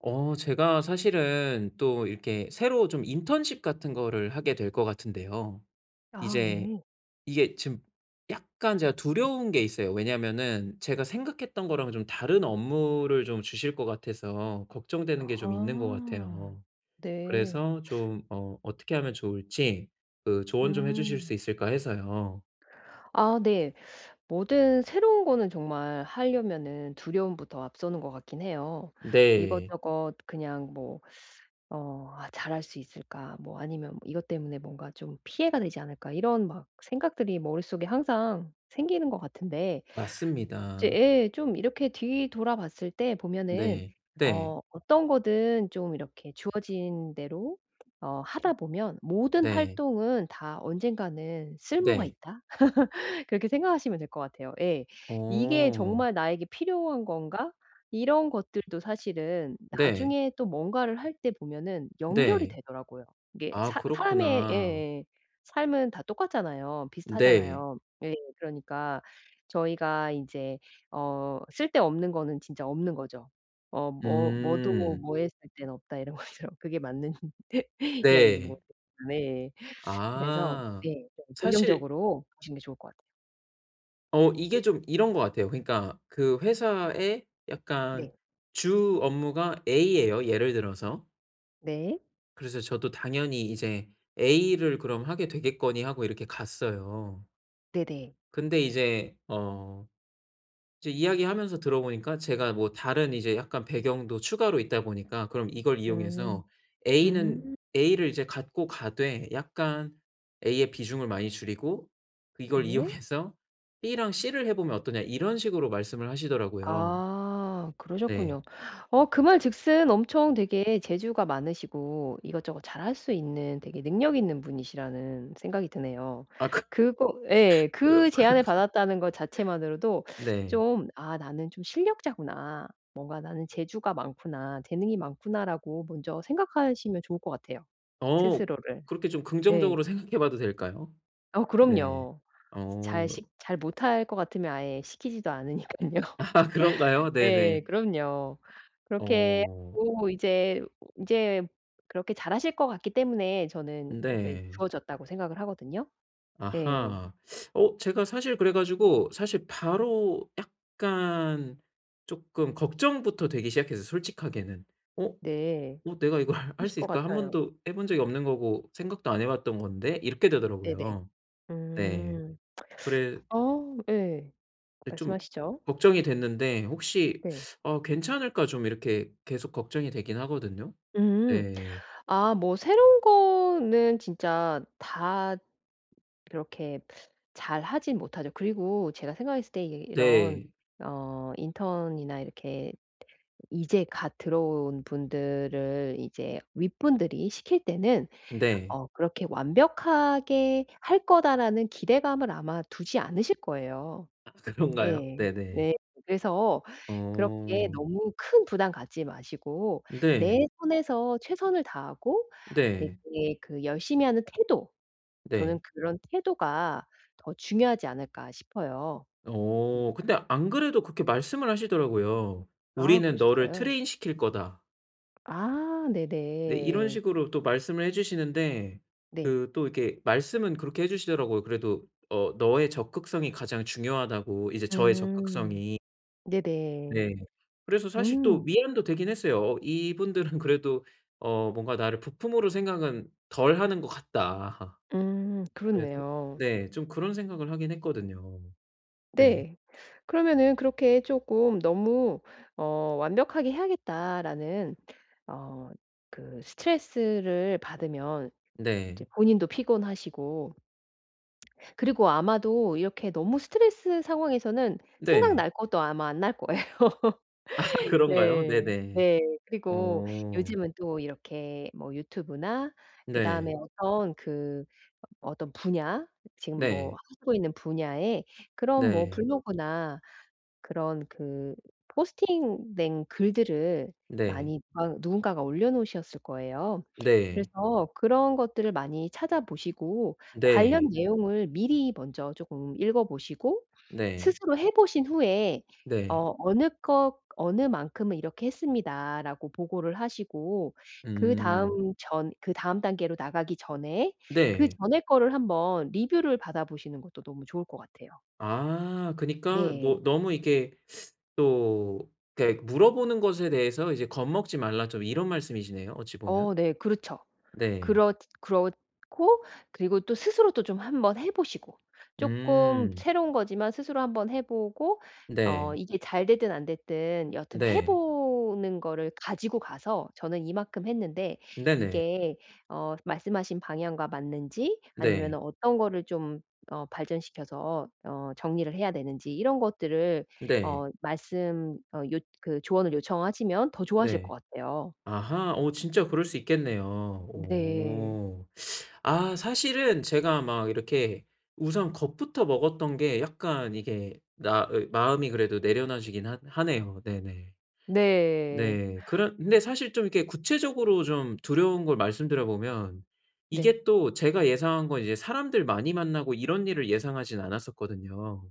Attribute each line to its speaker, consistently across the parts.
Speaker 1: 어 제가 사실은 또 이렇게 새로 좀 인턴십 같은 거를 하게 될 것 같은데요.
Speaker 2: 아
Speaker 1: 이제
Speaker 2: 네.
Speaker 1: 이게 지금 약간 제가 두려운 게 있어요. 왜냐하면은 제가 생각했던 거랑 좀 다른 업무를 좀 주실 것 같아서 걱정되는 게 좀 있는 것
Speaker 2: 아
Speaker 1: 같아요.
Speaker 2: 네.
Speaker 1: 그래서 좀 어 어떻게 하면 좋을지 그 조언 좀 해 주실 수
Speaker 2: 음.
Speaker 1: 있을까 해서요.
Speaker 2: 아 네. 뭐든 새로운 거는 정말 하려면은 두려움부터 앞서는 것 같긴 해요.
Speaker 1: 네.
Speaker 2: 이것저것 그냥 뭐 어 '아 잘할 수 있을까?' 뭐 아니면 '이것 때문에 뭔가 좀 피해가 되지 않을까?' 이런 막 생각들이 머릿속에 항상 생기는 것 같은데 이제
Speaker 1: 맞습니다.
Speaker 2: 예. 좀 이렇게 뒤돌아봤을 때 보면은
Speaker 1: 네. 네.
Speaker 2: 어 '어떤 거든 좀 이렇게 주어진 대로 어 하다 보면 모든
Speaker 1: 네.
Speaker 2: 활동은 다 언젠가는 쓸모가
Speaker 1: 네.
Speaker 2: 있다.' 그렇게 생각하시면 될 것 같아요. 예. '이게
Speaker 1: 어.
Speaker 2: 정말 나에게 필요한 건가?' 이런 것들도 사실은
Speaker 1: 네.
Speaker 2: 나중에 또 뭔가를 할 때 보면은 연결이
Speaker 1: 네.
Speaker 2: 되더라고요. 이게
Speaker 1: 아
Speaker 2: 사 사람의
Speaker 1: 그렇구나.
Speaker 2: 예예. 삶은 다 똑같잖아요.
Speaker 1: 네.
Speaker 2: 비슷하잖아요. 예. 그러니까 저희가 이제 어 쓸데없는 거는 진짜 없는 거죠. 어 뭐 뭐도
Speaker 1: 음.
Speaker 2: 뭐에 쓸 때는 없다. 이런 것처럼. 그게 맞는 이야기인지
Speaker 1: 네.
Speaker 2: 모르겠 네. 그래서
Speaker 1: 아
Speaker 2: 네. 좀
Speaker 1: 사실
Speaker 2: 긍정적으로 보시는 게 좋을 것 같아요.
Speaker 1: 어 이게 좀 이런 것 같아요. 그러니까 그 회사의 약간
Speaker 2: 네.
Speaker 1: 주 업무가 A에요, 예를 들어서.
Speaker 2: 네.
Speaker 1: 그래서 저도 당연히 이제 A를 그럼 하게 되겠거니 하고 이렇게 갔어요.
Speaker 2: 네네.
Speaker 1: 근데 이제 어 이제 이야기하면서 들어 보니까 제가 뭐 다른 이제 약간 배경도 추가로 있다 보니까 "그럼 이걸
Speaker 2: 음
Speaker 1: 이용해서
Speaker 2: 음.
Speaker 1: A는
Speaker 2: 음.
Speaker 1: A를 이제 갖고 가되 약간 A의 비중을 많이 줄이고 이걸
Speaker 2: 네.
Speaker 1: 이용해서 B랑 C를 해 보면 어떠냐?" 이런 식으로 말씀을 하시더라고요.
Speaker 2: 아
Speaker 1: 네.
Speaker 2: 그러셨군요. 어 그 말 즉슨 엄청 되게 재주가 많으시고 이것저것 잘 할 수 있는 되게 능력있는 분이시라는 생각이 드네요.
Speaker 1: 아 그
Speaker 2: 그거 예.
Speaker 1: 그
Speaker 2: 그 제안을
Speaker 1: 그런데
Speaker 2: 받았다는 것 자체만으로도
Speaker 1: 네.
Speaker 2: 좀 '아 나는 좀 실력자구나. 뭔가 나는 재주가 많구나. 재능이 많구나.'라고 먼저 생각하시면 좋을 것 같아요,
Speaker 1: 어
Speaker 2: 스스로를.
Speaker 1: 그렇게 좀 긍정적으로
Speaker 2: 네.
Speaker 1: 생각해 봐도 될까요?
Speaker 2: 어
Speaker 1: 네.
Speaker 2: 그럼요. 잘
Speaker 1: 어
Speaker 2: 식 잘 못할 것 같으면 아예 시키지도 않으니깐요.
Speaker 1: 아 그런가요?
Speaker 2: 예.
Speaker 1: 네네.
Speaker 2: 그럼요. 그렇게
Speaker 1: 어.
Speaker 2: 하고 이제 인제 그렇게 잘 하실 것 같기 때문에 저는 그
Speaker 1: 네.
Speaker 2: 주어졌다고 생각을 하거든요. 예.
Speaker 1: 아하. 어 제가 사실 그래 가지고 사실 바로 약간 쪼끔 걱정부터 되기 시작했어요, 솔직하게는. '어?
Speaker 2: 네.
Speaker 1: 어 내가 이걸 할
Speaker 2: 그러실
Speaker 1: 수
Speaker 2: 것
Speaker 1: 있을까? 1
Speaker 2: 같아요.
Speaker 1: 번도 해 본 적이 없는 거고 생각도 안 해 봤던 건데.' 이렇게
Speaker 2: 네네.
Speaker 1: 되더라고요. 네.
Speaker 2: 음
Speaker 1: 그래
Speaker 2: 어 예.
Speaker 1: 예. 좀
Speaker 2: 말씀하시죠.
Speaker 1: 걱정이 됐는데 '혹시
Speaker 2: 네.
Speaker 1: 어 괜찮을까?' 좀 이렇게 계속 걱정이 되긴 하거든요.
Speaker 2: 음.
Speaker 1: 네.
Speaker 2: 아 뭐 새로운 거는 진짜 다 그렇게 잘 하진 못하죠. 그리고 제가 생각했을 때 이 이런
Speaker 1: 네.
Speaker 2: 어 인턴이나 이렇게 이제 갓 들어온 분들을 이제 윗분들이 시킬 때는
Speaker 1: 네.
Speaker 2: 어 그렇게 '완벽하게 할 거다.'라는 기대감을 아마 두지 않으실 거예요.
Speaker 1: 아 그런가요?
Speaker 2: 예.
Speaker 1: 네네.
Speaker 2: 네. 그래서 그렇게
Speaker 1: 어.
Speaker 2: 너무 큰 부담 갖지 마시고 내
Speaker 1: 네.
Speaker 2: 선에서 최선을 다하고
Speaker 1: 네.
Speaker 2: 되게 그 열심히 하는 태도 저는
Speaker 1: 네.
Speaker 2: '그런 태도가 더 중요하지 않을까?' 싶어요. 음.
Speaker 1: 어 근데 안 그래도 그렇게 말씀을 하시더라고요.
Speaker 2: 아
Speaker 1: "우리는 너를
Speaker 2: 그러셨어요?
Speaker 1: 트레인시킬 거다."
Speaker 2: 아, 네
Speaker 1: 네, 이런
Speaker 2: 네.
Speaker 1: 식으로 또 말씀을 해 주시는데
Speaker 2: 네.
Speaker 1: 그 또 이렇게 말씀은 그렇게 해 주시더라고요. 그래도 "어, 너의 적극성이 가장 중요하다."고 이제 저의
Speaker 2: 음.
Speaker 1: 적극성이.
Speaker 2: 네네.
Speaker 1: 네, 그래서 사실 또
Speaker 2: 음.
Speaker 1: 위안도 되긴 했어요. 어 이분들은 그래도 어 뭔가 나를 부품으로 생각은 덜 하는 것 같다.
Speaker 2: 음,
Speaker 1: 그래도
Speaker 2: 그렇네요.
Speaker 1: 네, 좀 그런 생각을 하긴 했거든요. 네.
Speaker 2: 네. 그러면은 그렇게 쪼끔 너무 어, 완벽하게 해야겠다.'라는 어, 그 스트레스를 받으면 이제
Speaker 1: 네.
Speaker 2: 본인도 피곤하시고 그리고 아마도 이렇게 너무 스트레스 상황에서는
Speaker 1: 네.
Speaker 2: 생각날 것도 아마 안 날 거예요.
Speaker 1: 그런가요?
Speaker 2: 네.
Speaker 1: 네네.
Speaker 2: 네. 그리고
Speaker 1: 어.
Speaker 2: 요즘은 또 이렇게 뭐 유튜브나 그다음에
Speaker 1: 네.
Speaker 2: 어떤 그 어떤 분야, 지금 뭐
Speaker 1: 네.
Speaker 2: 하시고 있는 분야의 그런 뭐
Speaker 1: 네.
Speaker 2: 블로그나 그런 그 포스팅된 글들을
Speaker 1: 네.
Speaker 2: 많이 막 누군가가 올려놓으셨을 거예요.
Speaker 1: 네.
Speaker 2: 그래서 그런 것들을 많이 찾아보시고
Speaker 1: 네.
Speaker 2: 관련 내용을 미리 먼저 쪼끔 읽어보시고
Speaker 1: 네.
Speaker 2: 스스로 해 보신 후에
Speaker 1: 네.
Speaker 2: 어, "어느 것, 어느 만큼은 이렇게 했습니다."라고 보고를 하시고
Speaker 1: 음.
Speaker 2: 그다음 전 그다음 단계로 나가기 전에 그
Speaker 1: 네.
Speaker 2: 전의 거를 한 번 리뷰를 받아보시는 것도 너무 좋을 것 같아요.
Speaker 1: 아. 그러니까 뭐
Speaker 2: 네.
Speaker 1: 너무 이렇게 또 이렇게 "물어보는 것에 대해서 이제 겁먹지 말라." 좀 이런 말씀이시네요, 어찌 보면.
Speaker 2: 어, 네. 그렇죠.
Speaker 1: 네.
Speaker 2: 그렇 그렇고 그리고 또 스스로도 좀 한번 해 보시고 쪼끔
Speaker 1: 음.
Speaker 2: 새로운 거지만 스스로 한 번 해 보고 어,
Speaker 1: 네.
Speaker 2: 이게 잘 됐든 안 됐든 여하튼 해
Speaker 1: 네.
Speaker 2: 보는 거를 가지고 가서 저는 이만큼 했는데,
Speaker 1: 네네.
Speaker 2: 이게 어, 말씀하신 방향과 맞는지
Speaker 1: 네.
Speaker 2: 아니면은 어떤 거를 좀 어, 발전시켜서 어, 정리를 해야 되는지 이런 것들을
Speaker 1: 네.
Speaker 2: 어, 말씀 어, 요 그 조언을 요청하시면 더 좋아하실
Speaker 1: 네.
Speaker 2: 것 같아요.
Speaker 1: 아하. 어, 진짜 그럴 수 있겠네요.
Speaker 2: 네.
Speaker 1: 오. 아, 사실은 제가 막 이렇게 우선 겁부터 먹었던 게 약간 이게 나의 마음이 그래도 내려놔 지긴 하 하네요. 네네.
Speaker 2: 네.
Speaker 1: 네, 그런 근데 사실 좀 이렇게 구체적으로 좀 두려운 걸 말씀드려 보면
Speaker 2: 네.
Speaker 1: 이게 또 제가 예상한 건 이제 사람들 많이 만나고 이런 일을 예상하지는 않았었거든요.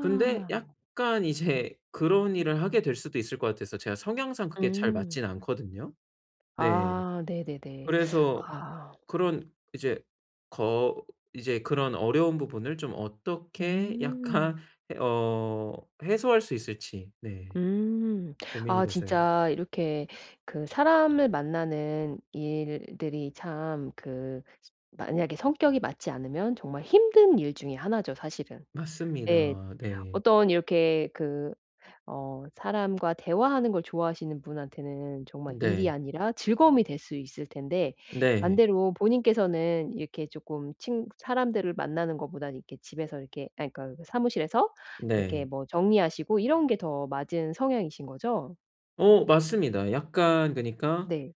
Speaker 1: 근데 약간 이제 그런 일을 하게 될 수도 있을 것 같아서 제가 성향상 그게 잘
Speaker 2: 음.
Speaker 1: 맞진 않거든요. 네.
Speaker 2: 아 네네네.
Speaker 1: 그래서
Speaker 2: 아.
Speaker 1: 그런 이제 거 이제 그런 어려운 부분을 좀 어떻게 약간
Speaker 2: 음.
Speaker 1: 예 어. 해소할 수 있을지, 네.
Speaker 2: 음.
Speaker 1: 고민이
Speaker 2: 아,
Speaker 1: 돼서요.
Speaker 2: 진짜 이렇게 그 사람을 만나는 일들이 참 그 만약에 성격이 맞지 않으면 정말 힘든 일 중에 하나죠, 사실은. 예.
Speaker 1: 맞습니다. 네.
Speaker 2: 어떤 이렇게 그 어, 사람과 대화하는 걸 좋아하시는 분한테는 정말 일이
Speaker 1: 네.
Speaker 2: 아니라 즐거움이 될 수 있을 텐데
Speaker 1: 네.
Speaker 2: 반대로 본인께서는 이렇게 쪼끔 친 사람들을 만나는 것 보다는 이렇게 집에서 이렇게 아, 그러니까 그 사무실에서 이렇게
Speaker 1: 네.
Speaker 2: 뭐 정리하시고 이런 게 더 맞은 성향이신 거죠?
Speaker 1: 어 맞습니다. 약간 그니까
Speaker 2: 네.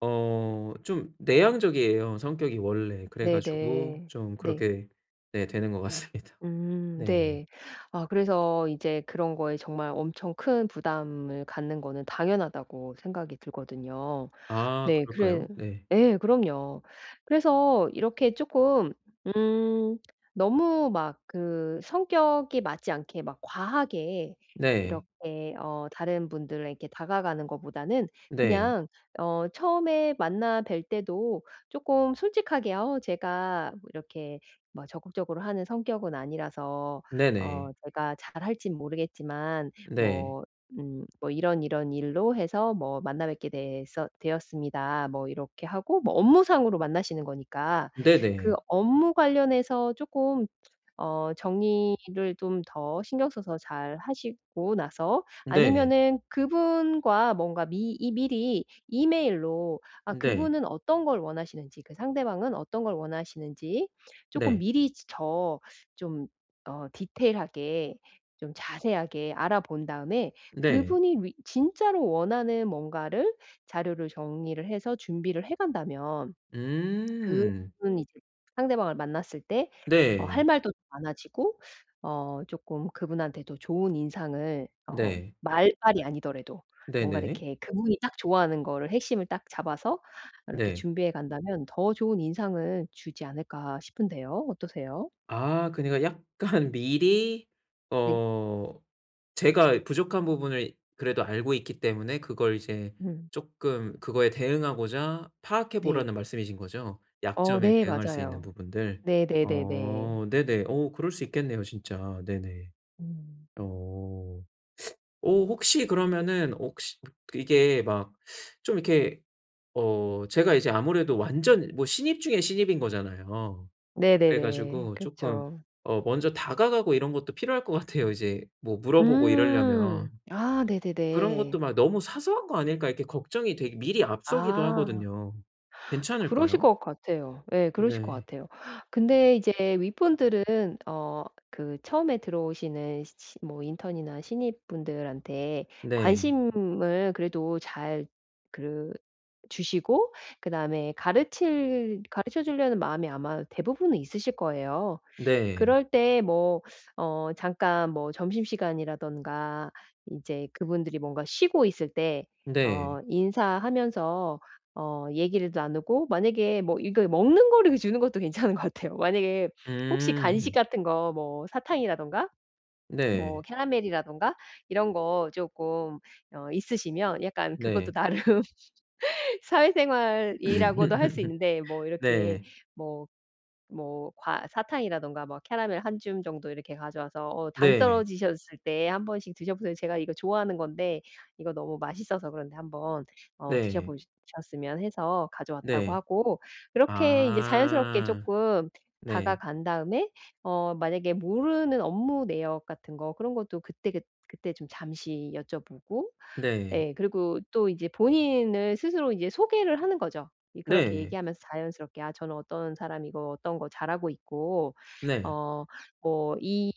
Speaker 1: 어 좀 내향적이에요, 성격이 원래. 그래 가지고
Speaker 2: 네네.
Speaker 1: 좀
Speaker 2: 네.
Speaker 1: 그렇게 네 되는 것 같습니다.
Speaker 2: 음
Speaker 1: 네.
Speaker 2: 네. 아 그래서 이제 그런 거에 정말 엄청 큰 부담을 갖는 거는 당연하다고 생각이 들거든요.
Speaker 1: 아
Speaker 2: 네.
Speaker 1: 그럴까요?
Speaker 2: 그래
Speaker 1: 네.
Speaker 2: 예. 그럼요. 그래서 이렇게 쪼끔 음 너무 막 그 성격이 맞지 않게 막 과하게
Speaker 1: 네.
Speaker 2: 이렇게 어 다른 분들에게 다가가는 거보다는
Speaker 1: 네.
Speaker 2: 그냥 어 처음에 만나 뵐 때도 쪼끔 솔직하게 "어 제가 뭐 이렇게 뭐 적극적으로 하는 성격은 아니라서 어
Speaker 1: 네네.
Speaker 2: 제가 잘 할진 모르겠지만
Speaker 1: 네.
Speaker 2: 뭐 음 뭐 이런 이런 일로 해서 뭐 만나 뵙게 되서 되었습니다." 뭐 이렇게 하고 뭐 업무상으로 만나시는 거니까 그
Speaker 1: 네네.
Speaker 2: 업무 관련해서 쪼끔 어 정리를 좀 더 신경 써서 잘 하시고 나서
Speaker 1: 네.
Speaker 2: 아니면은 그분과 뭔가 미 이 미리 이메일로 아
Speaker 1: 네.
Speaker 2: 그분은 어떤 걸 원하시는지, 그 상대방은 어떤 걸 원하시는지 쪼끔
Speaker 1: 네.
Speaker 2: 미리 저 좀 어 디테일하게 좀 자세하게 알아본 다음에
Speaker 1: 네.
Speaker 2: 그분이 뤼 진짜로 원하는 뭔가를 자료를 정리를 해서 준비를 해 간다면
Speaker 1: 음.
Speaker 2: 그분 이제 상대방을 만났을 때 어 할
Speaker 1: 네.
Speaker 2: 말도 많아지고 어 쪼끔 그분한테도 좋은 인상을 어
Speaker 1: 네.
Speaker 2: 말발이 아니더라도 뭔가
Speaker 1: 네네.
Speaker 2: 이렇게 '그분이 딱 좋아하는 거를 핵심을 딱 잡아서 이렇게
Speaker 1: 네.
Speaker 2: 준비해 간다면 더 좋은 인상을 주지 않을까?' 싶은데요. 어떠세요?
Speaker 1: 아 그니까 약간 미리
Speaker 2: 네.
Speaker 1: 어 제가 부족한 부분을 그래도 알고 있기 때문에 그걸 이제
Speaker 2: 네.
Speaker 1: 쪼끔 그거에 대응하고자 파악해
Speaker 2: 네.
Speaker 1: 보라는 말씀이신 거죠?
Speaker 2: 어
Speaker 1: 약점에
Speaker 2: 네.
Speaker 1: 대응할 수 있는
Speaker 2: 맞아요.
Speaker 1: 부분들.
Speaker 2: 네네네네.
Speaker 1: 어 네네. 어 그럴 수 있겠네요, 진짜. 네네.
Speaker 2: 음.
Speaker 1: 어. 어 혹시 그러면은 혹시 이게 막 좀 이렇게 어 제가 이제 아무래도 완전 뭐 신입 중에 신입인 거잖아요. 그래
Speaker 2: 네네네.
Speaker 1: 가지고 쪼끔
Speaker 2: 그렇죠.
Speaker 1: 어 먼저 다가가고 이런 것도 필요할 것 같아요 이제 뭐 물어보고 이러려면.
Speaker 2: 음. 아
Speaker 1: 그런 것도
Speaker 2: 네네네.
Speaker 1: 막 '너무 사소한 거 아닐까?' 이렇게 걱정이 되기 미리 앞서기도
Speaker 2: 아.
Speaker 1: 하거든요.
Speaker 2: 그러실
Speaker 1: 괜찮을까요?
Speaker 2: 것 같아요. 예. 그러실 것
Speaker 1: 네.
Speaker 2: 같아요. 근데 이제 윗분들은 어 그 처음에 들어오시는 시 신 뭐 인턴이나 신입분들한테
Speaker 1: 네.
Speaker 2: 관심을 그래도 잘 그 주시고 그 다음에 가르칠 가르쳐 주려는 마음이 아마 대부분은 있으실 거예요.
Speaker 1: 네.
Speaker 2: 그럴 때 뭐 어 잠깐 뭐 점심시간이라든가 이제 그분들이 뭔가 쉬고 있을 때 어
Speaker 1: 네.
Speaker 2: 인사하면서 어 얘기를 나누고 만약에 뭐 이게 먹는 거를 이 주는 것도 괜찮은 것 같아요. 만약에 혹시 간식
Speaker 1: 음.
Speaker 2: 같은 거 뭐 사탕이라던가 뭐
Speaker 1: 네.
Speaker 2: 캐러멜이라던가 이런 거 쪼끔 어 있으시면 약간 그것도
Speaker 1: 네.
Speaker 2: 나름 사회생활이라고도 할 수 있는데 뭐 이렇게
Speaker 1: 네.
Speaker 2: 뭐 뭐 과 사탕이라가 막 캐러멜 1 줌 정도 이렇게 가져와서 어 "당
Speaker 1: 네.
Speaker 2: 떨어지셨을 때 1 번씩 드셔보세요." 제가 이거 좋아하는 건데 이거 너무 맛있어서 그런데 한번 어
Speaker 1: 네.
Speaker 2: 드셔보시 셨으면 해서 가져왔다고
Speaker 1: 네.
Speaker 2: 하고 그렇게 이제 자연스럽게
Speaker 1: 아
Speaker 2: 쪼끔
Speaker 1: 네.
Speaker 2: 다가간 다음에 어 만약에 모르는 업무 내역 같은 거 그런 것도 그때 그 그때 좀 잠시 여쭤보고.
Speaker 1: 네.
Speaker 2: 예. 그리고 또 이제 본인을 스스로 이제 소개를 하는 거죠. 이 그렇게
Speaker 1: 네.
Speaker 2: 얘기하면서 자연스럽게 아 저는 어떤 사람이고 어떤 거 잘하고 있고
Speaker 1: 네.
Speaker 2: 어 뭐 이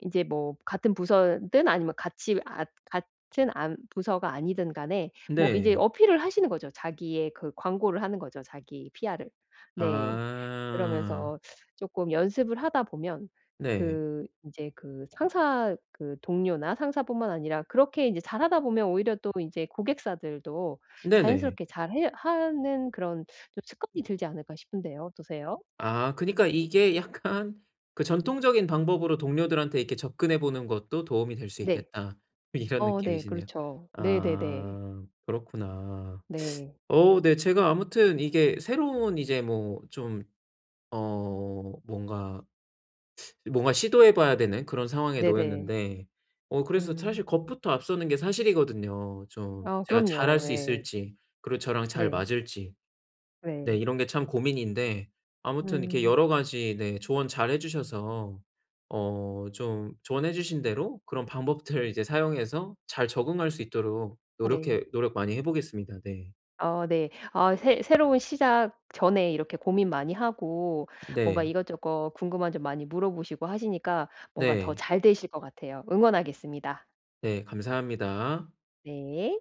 Speaker 2: 인제 뭐 같은 부서든 아니면 같이 아 같은 안 부서가 아니든 간에 뭐 인제
Speaker 1: 네.
Speaker 2: 어필을 하시는 거죠. 자기의 그 광고를 하는 거죠, 자기 PR을. 네.
Speaker 1: 아.
Speaker 2: '그러면서 쪼끔 연습을 하다 보면
Speaker 1: 네.
Speaker 2: 그 인제 그 상사 그 동료나 상사 뿐만 아니라 그렇게 이제 잘하다 보면 오히려 또 이제 고객사들도
Speaker 1: 네네.
Speaker 2: 자연스럽게 잘 해 하는 그런 좀 습관이 들지 않을까?' 싶은데요. 어떠세요?
Speaker 1: 아 그니까 이게 약간 그 '전통적인 방법으로 동료들한테 이렇게 접근해 보는 것도 도움이 될 수
Speaker 2: 네.
Speaker 1: 있겠다.' 이런
Speaker 2: 어 네.
Speaker 1: 느낌이시네요.
Speaker 2: 그렇죠. 네네네.
Speaker 1: 아 그렇구나.
Speaker 2: 네.
Speaker 1: 어 네 제가 아무튼 이게 새로운 이제 뭐 좀 어 뭔가 뭔가 시도해 봐야 되는 그런 상황에
Speaker 2: 네네.
Speaker 1: 놓였는데 어 그래서
Speaker 2: 음.
Speaker 1: 사실 겁부터 앞서는 게 사실이거든요. 좀
Speaker 2: 아
Speaker 1: 제가 잘할
Speaker 2: 그럼요.
Speaker 1: 수
Speaker 2: 예.
Speaker 1: 있을지 그리고 저랑 잘
Speaker 2: 네.
Speaker 1: 맞을지. 네.
Speaker 2: 예.
Speaker 1: 이런 게 참 고민인데 아무튼 이렇게
Speaker 2: 음.
Speaker 1: 여러 가지 네 조언 잘 해 주셔서 어 좀 조언해 주신 대로 그런 방법들을 이제 사용해서 잘 적응할 수 있도록
Speaker 2: 네.
Speaker 1: 노력해 노력 많이 해 보겠습니다. 네.
Speaker 2: 어 네. 아 새 새로운 시작 전에 이렇게 고민 많이 하고 뭔가
Speaker 1: 네.
Speaker 2: 이것저것 궁금한 점 많이 물어보시고 하시니까 뭔가 더
Speaker 1: 네.
Speaker 2: 잘 되실 것 같아요. 응원하겠습니다.
Speaker 1: 네. 감사합니다.
Speaker 2: 네.